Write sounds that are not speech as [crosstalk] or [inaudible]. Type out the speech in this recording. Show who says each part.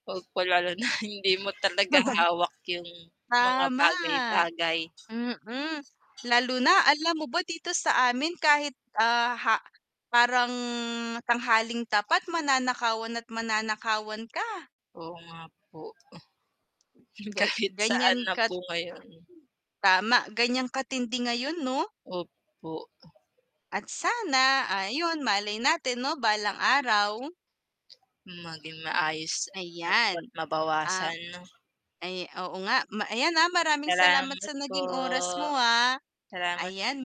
Speaker 1: Op pa lalo na hindi mo talaga
Speaker 2: [chuckles]
Speaker 1: hawak 'yung mga
Speaker 2: Tama.
Speaker 1: bagay-bagay.
Speaker 2: Mm, lalo na alam mo ba dito sa amin kahit, ah, ha parang tanghaling tapat mananakawan at mananakawan ka.
Speaker 1: Oo nga po. Hmm,
Speaker 2: Ga
Speaker 1: kahit
Speaker 2: ganiyan
Speaker 1: saan na
Speaker 2: ka't
Speaker 1: po ngayon.
Speaker 2: Tama, ganiyan katindi ngayon 'no?
Speaker 1: Opo.
Speaker 2: At sana, ayun, malay natin 'no, balang araw.
Speaker 1: Maging maayos at dapat
Speaker 2: Ayan, ah
Speaker 1: mabawasan 'no?
Speaker 2: ay, oo nga, ma ayan, ah, maraming salamat
Speaker 1: Salamat
Speaker 2: sa
Speaker 1: po,
Speaker 2: naging oras mo, ah.
Speaker 1: salamat
Speaker 2: Ayan.